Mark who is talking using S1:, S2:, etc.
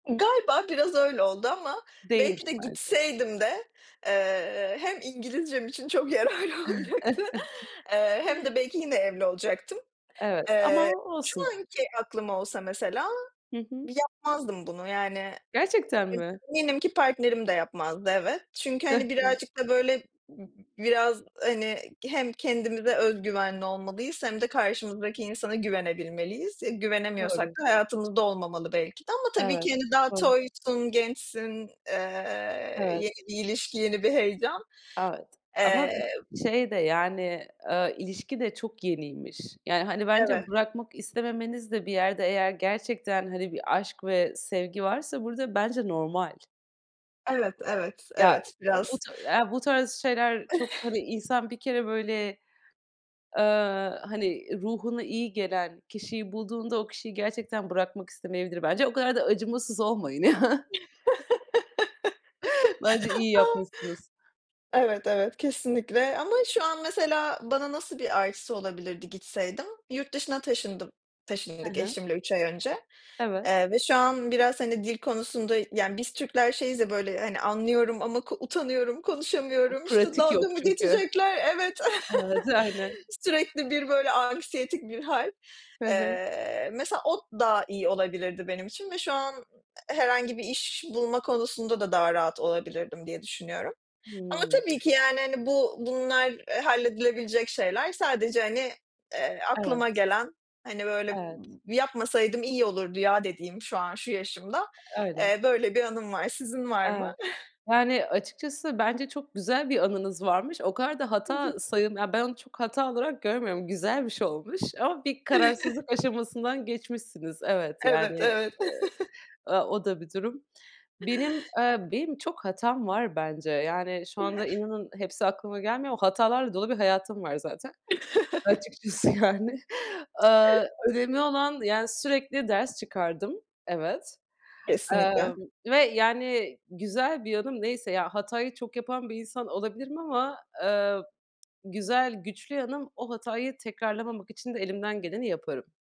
S1: Galiba biraz öyle oldu. Ama
S2: Değmiş
S1: belki de
S2: bence.
S1: gitseydim de, eee, hem İngilizcem için çok yararlı olacaktı, eee, hem de belki yine evli olacaktım.
S2: Evet, ama
S1: Eee, şu
S2: olsun.
S1: anki aklım olsa mesela,
S2: Hı hı.
S1: yapmazdım bunu. Yani,
S2: Gerçekten
S1: ı
S2: mi?
S1: eminim ki partnerim de yapmazdı, evet. Çünkü hani,
S2: Hı hı.
S1: birazcık da böyle b biraz hani, hem kendimize öz güvenli olmalıyız hem de karşımızdaki insana güvenebilmeliyiz. E güvenemiyorsak
S2: Doğru.
S1: da hayatımızda olmamalı belki de. Ama tabii
S2: Evet.
S1: ki hani, daha
S2: Doğru.
S1: toysun, gençsin, eee, yeni
S2: Evet.
S1: bir ilişki, yeni bir heyecan.
S2: Evet, ama
S1: Eee
S2: şey de yani, eee, ilişki de çok yeniymiş. Yani, hani, bence
S1: Eve
S2: bırakmak istememeniz de bir yerde eğer gerçekten, hani, bir aşk ve sevgi varsa burada bence normal.
S1: Evet, evet,
S2: Ya,
S1: evet
S2: u bu
S1: biraz.
S2: ta bu tarz şeyler çok, hani, insan bir kere böyle, eee, hani, ruhuna iyi gelen kişiyi bulduğunda o kişiyi gerçekten bırakmak istemeyebilir bence. O kadar da acımasız olmayın. Bence iyi
S1: A.
S2: yapmışsınız.
S1: Evet, evet, kesinlikle ama şu an mesela bana nasıl bir artısı olabilirdi gitseydim? Yurt dışına taşındım
S2: Hı
S1: taşındık
S2: hı.
S1: eşimle 3 ay önce,
S2: Evet.
S1: eee, ve şu an biraz, hani, dil konusunda yani, biz Türkler şeyiz ya, böyle, hani, anlıyorum ama ko utanıyorum,
S2: Yok,
S1: konuşamıyorum. İşte
S2: pratik
S1: dalga
S2: yok
S1: mı
S2: çünkü.
S1: geçecekler? Evet,
S2: Evet, aynen.
S1: sürekli bir böyle anksiyetik bir hal.
S2: Hı hı.
S1: Eee, mesela o daha iyi olabilirdi benim için ve şu an herhangi bir iş bulma konusunda da daha rahat olabilirdim diye düşünüyorum. Ama
S2: Hımm.
S1: tabii ki yani, hani, bu bunlar halledilebilecek şeyler. Sadece, hani, eee,
S2: Evet.
S1: aklıma gelen hani, böyle
S2: Evet.
S1: yapmasaydım iyi olurdu ya, dediğim şu an, şu yaşımda,
S2: Eee, öyle.
S1: eee, böyle bir anım var. Sizin var mı?
S2: Evet. Yani, açıkçası bence çok güzel bir anınız varmış. O kadar da
S1: Hı hı.
S2: hata sayıl ben onu çok hata olarak görmüyorum. Güzel bir şey olmuş. Ama bir kararsızlık aşamasından geçmişsiniz. Evet
S1: Evet,
S2: yani, eee,
S1: evet.
S2: ııı, o da bir durum. Benim, eee, benim çok hatam var bence. Yani, şu anda inanın hepsi aklıma gelmiyor ama hatalarla dolu bir hayatım var, zaten, açıkçası, yani. Iıı, önemli olan, yani sürekli ders çıkardım. Evet
S1: Kesinlikle.
S2: Emm, ve yani, güzel bir yanım neyse ya, hatayı çok yapan bir insan olabilirim ama eee, güzel, güçlü yanım; o hatayı tekrarlamamak için de elimden geleni yaparım.